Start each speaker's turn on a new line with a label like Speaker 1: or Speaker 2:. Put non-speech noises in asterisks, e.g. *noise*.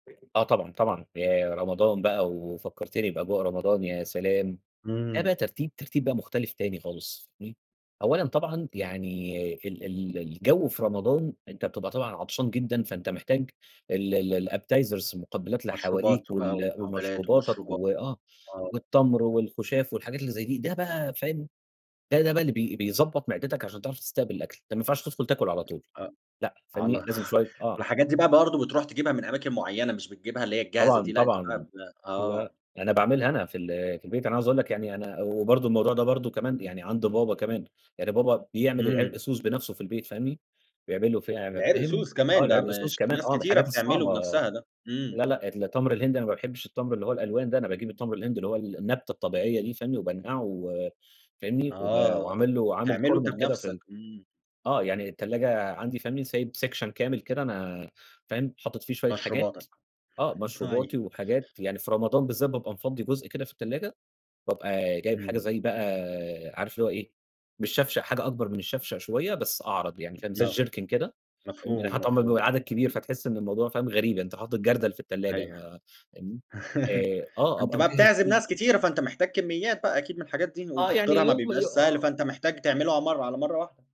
Speaker 1: *unintelligible* آه، طبعًا، طبعًا، ياه! رمضان بقى ووفكرتِني بأجواء رمضان يا سلام! ده
Speaker 2: إمم.
Speaker 1: بقى ترتيب ترتيب بقى مختلف تاني خالص فاهمني، أولًا طبعًا يعني ال ال الجو في رمضان أنت بتبقى طبعًا عطشان جدًا، فأنت محتاج ال ال Appetizers المُقبلات اللي
Speaker 2: مشروبات
Speaker 1: حواليك،
Speaker 2: وبقى
Speaker 1: وال
Speaker 2: ومُقبلات
Speaker 1: ومشروباتك
Speaker 2: ومشروبا
Speaker 1: و آه،
Speaker 2: آه
Speaker 1: والتّمر والخُشاف والحاجات اللي زي دي، ده بقى فاهم ده، ده بقى بي بيضَبط معدِتك عشان تعرف تستقبل الأكل، ده مينفعش تدخل تاكل على طول،
Speaker 2: أ
Speaker 1: لأ، فاهمني،
Speaker 2: على
Speaker 1: لازم شوية
Speaker 2: *chuckles*
Speaker 1: آه.
Speaker 2: والحاجات دي بقى برضه بتروح تجيبها من أماكن مُعيّنة، مش بتجيبها اللي هي الجاهزة دي،
Speaker 1: طبعًا،
Speaker 2: لأ، أنت بقى
Speaker 1: طبعًا،
Speaker 2: ب
Speaker 1: لأ،
Speaker 2: آه.
Speaker 1: أنا باعملها أنا في ال في البيت، أنا عاوز أقول لك يعني أنا و برضه الموضوع ده برضه كمان يعني عند بابا كمان، يعني بابا بيعمل
Speaker 2: إمم.
Speaker 1: العرقسوس بنفسه في البيت فاهمني، بيعمله في *unintelligible* فاهم،
Speaker 2: العرقسوس
Speaker 1: آه،
Speaker 2: كمان، ده
Speaker 1: العرقسوس
Speaker 2: مش
Speaker 1: كمان
Speaker 2: ناس
Speaker 1: آه، من
Speaker 2: كتيرة
Speaker 1: الحاجات
Speaker 2: بتعملُه
Speaker 1: الصعبة
Speaker 2: بنفسها ده، إمم.
Speaker 1: لا لأ التمر الهندي أنا ما باحبش التمر اللي هو الألوان ده، أنا باجيب التمر الهندي اللي هو النبتة الطبيعية دي فاهمني، وبانقعه و فاهمني، وب
Speaker 2: آه،
Speaker 1: وعامل لُه عامل
Speaker 2: وبتعملُه أنت
Speaker 1: كورنر كده
Speaker 2: بنفسك،
Speaker 1: فال
Speaker 2: إمم.
Speaker 1: آه، يعني التلاجة عندي فاهمني، سايب سكشن كامل كده أنا فاهم، حاطط فيه شوية حاجات
Speaker 2: مشروباتك،
Speaker 1: آه، مشروباتي
Speaker 2: طيب.
Speaker 1: وحاجات، يعني في رمضان بالذات بابقى مفَضي جُزء كده في التلاجة، وبابقى جايب حاجة
Speaker 2: إمم.
Speaker 1: زي بقى عارف اللي هُو إيه مش شفشق، حاجة أكبر من الشفشق شوية، بس أعرض يعني فاهم، زي
Speaker 2: آه،
Speaker 1: الجِركِن فهمت، يعني
Speaker 2: مفهوم،
Speaker 1: حتي لما يبقى
Speaker 2: مفهوم.
Speaker 1: العدد كبير، فتحس إن الموضوع فاهم غريب، أنت حاطط جردل في التلاجة
Speaker 2: أيوه،
Speaker 1: بقى فاهمني؟
Speaker 2: *laughs*
Speaker 1: آآ آه
Speaker 2: أنت
Speaker 1: أبقى
Speaker 2: بقى
Speaker 1: مجهز
Speaker 2: بتعزم
Speaker 1: في
Speaker 2: ناس كتيرة، فأنت محتاج كمّيات بقى أكيد من الحاجات دي،
Speaker 1: آه، يعني
Speaker 2: وتحضيرها ما
Speaker 1: يوم
Speaker 2: بيبقاش
Speaker 1: ي
Speaker 2: سهل،
Speaker 1: آه.
Speaker 2: فأنت محتاج تعملها مَرَّة على مَرَّة واحدة.